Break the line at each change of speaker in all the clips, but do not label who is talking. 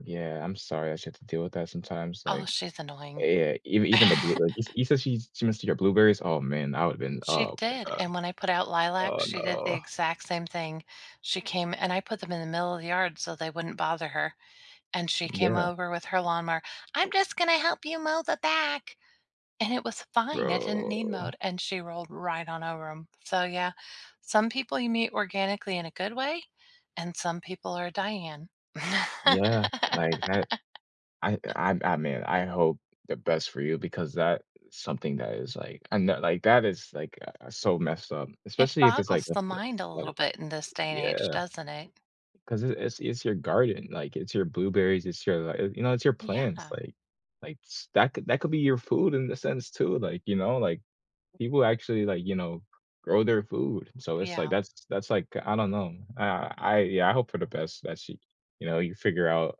Yeah. I'm sorry, that you have to deal with that sometimes,
Oh,
like
she's
Uh,
annoying.
yeah, ev even the blue like, you you said she's she messed with your blueberries? Oh, man. I would've been
She
oh my
did,
god.
and when I put out lilac,
Oh,
she did the
no.
exact same thing. She came and I put them in the middle of the yard so they wouldn't bother her, and she came
Yeah.
over with her lawnmower, "I'm just gonna help you mow the back." And it was fine, it didn't need
Bro.
mowed, and she rolled right on over 'em. So, yeah, some people you meet organically in a good way, and some people are Diane.
Yeah. Like, I I I I'm I'm man, I hope the best for you because that something that is, like and that like, that is, uh, like, so messed up,
It
especially if it's, like,
boggles the
[unintelligible]
mind a
like, a,
little
like
bit in this day and age,
Yeah.
doesn't it?
'Cause i is is your garden, like, it's your blueberries, it's your li y you know, it's your plants.
Yeah.
Like like, s that could that could be your food in the sense too, like, you know? Like, people actually, like, you know, grow their food, so it's, like,
Yeah.
that's that's, like I don't know. I I yeah, hope for the best that she you know, you figure out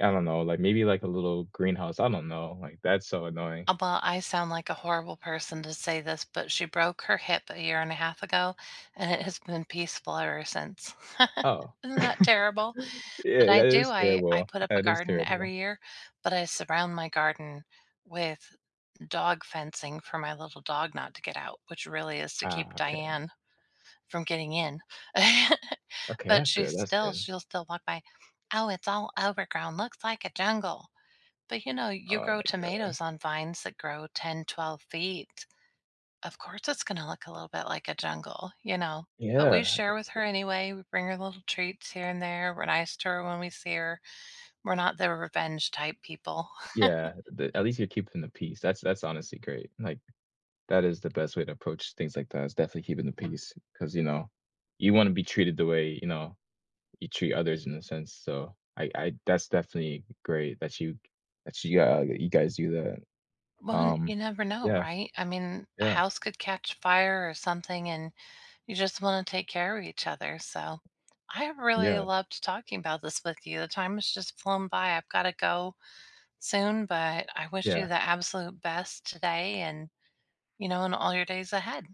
I don't know, like, maybe, like, a little greenhouse. I don't know. Like, that's so annoying.
A well, I sound like a horrible person to say this, but she broke her hip a year and 1/2 ago, and it has been peaceful ever since.
Oh,
Isn't that terrible? But
Yeah,
I
that
do.
is
I I
terrible,
put up a
that is
garden
terrible.
every year, but I surround my garden with dog fencing for my little dog not to get out, which really is to keep
Ah. Okay.
Diane from getting in.
Okay.
But
That's
she's
good, that's
still
good.
she'll still walk by, "Oh, it's all overgrown. Looks like a jungle." But, you know, you
Oh
grow
my god.
tomatoes on vines that grow 10, 12 feet. Of course, it's gonna look a little bit like a jungle, you know? But we
Yeah.
share with
[unintelligible]
her anyway. We bring her little treats here and there. We're nice to her when we see her. We're not the revenge type people.
Yeah. The at least you're keeping the peace. That's that's honestly great. Like, that is the best way to approach things like that is definitely keeping the peace 'cause, you know, you wanna be treated the way, you know, you treat others in a sense. So, I I that's definitely great that you that you, uh, you guys do that.
Well,
Um,
you never know,
yeah.
right? I mean, a
Yeah.
house could catch fire or something, and you just wanna take care of each other, so I have really
Yeah.
loved talking about this with you. The time has just flown by. I've gotta go soon, but I wish you
Yeah.
the absolute best today and, you know, in all your days ahead.